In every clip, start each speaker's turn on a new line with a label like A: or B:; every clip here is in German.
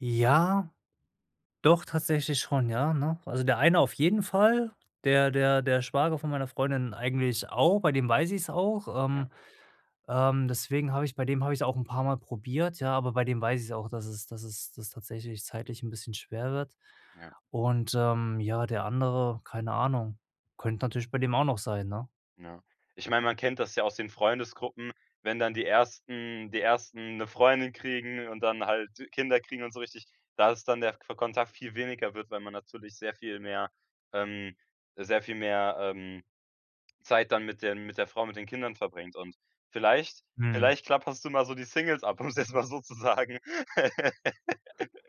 A: Ja, doch tatsächlich schon, ja, ne? Also, der eine auf jeden Fall, der der der Schwager von meiner Freundin eigentlich auch, bei dem weiß ich's auch,
B: Ja.
A: ähm, ähm deswegen habe ich bei dem habe ich's auch 'n paarmal probiert, ja, aber bei dem weiß ich's auch, dass es dass es dass es tatsächlich zeitlich 'n bisschen schwer wird.
B: Ja.
A: Und, ähm, ja, der andere, keine Ahnung. Könnte natürlich bei dem auch noch sein, ne?
B: Ja, ich mein, man kennt das ja aus den Freundesgruppen, wenn dann die ersten die ersten 'ne Freundin kriegen und dann halt Kinder kriegen und so richtig, da ist dann der fe Kontakt viel weniger wird, weil man natürlich sehr viel mehr ähm, sehr viel mehr, ähm Zeit dann mit den mit der Frau, mit den Kindern verbringt. Und vielleicht
A: Mhm.
B: vielleicht klapperst du mal so die Singles ab, um's jetzt mal so zu sagen.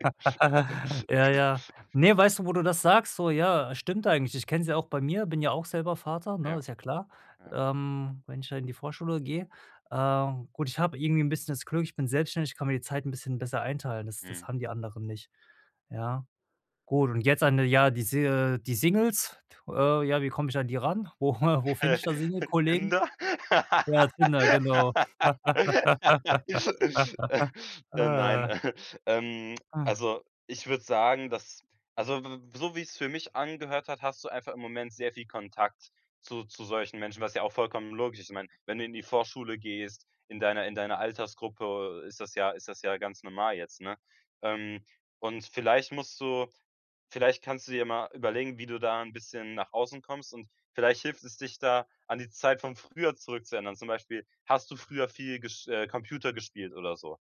A: Ja, ja. Ne, weißt du, wo du das sagst so? Ja, stimmt eigentlich. Ich kenne es ja auch bei mir, bin ja auch selber Vater, ne?
B: Ja.
A: Ist ja klar.
B: Ja.
A: Ähm, wenn ich da in die Vorschule gehe ähm, gut, ich habe irgendwie 'n bisschen das Glück, ich bin selbstständig, ich kann mir die Zeit 'n bisschen besser einteilen, das das
B: Mhm.
A: haben die anderen nicht. Ja. Gut und jetzt an der ja, die Si die Singles äh, ja, wie komme ich an die ran? Wo wo find
B: Äh,
A: ich da Single-Kollegen?
B: Tinder?
A: Ja, Tinder, genau.
B: Äh, nein.
A: Ah.
B: Ähm,
A: Ah.
B: also, ich würde sagen, dass, also, w w so wie's für mich angehört hat, hast du einfach im Moment sehr viel Kontakt zu zu solchen Menschen, was ja auch vollkommen logisch ist. Ich meine, wenn du in die Vorschule gehst, in deiner in deiner Altersgruppe, äh, ist das ja ist das ja ganz normal jetzt, ne? Ähm, und vielleicht musst du vielleicht kannst du dir ja mal überlegen, wie du da 'n bisschen nach außen kommst, und vielleicht hilft es, dich da, an die Zeit von früher zurückzuerinnern. Zum Beispiel, hast du früher viel gesch äh, Computer gespielt oder so?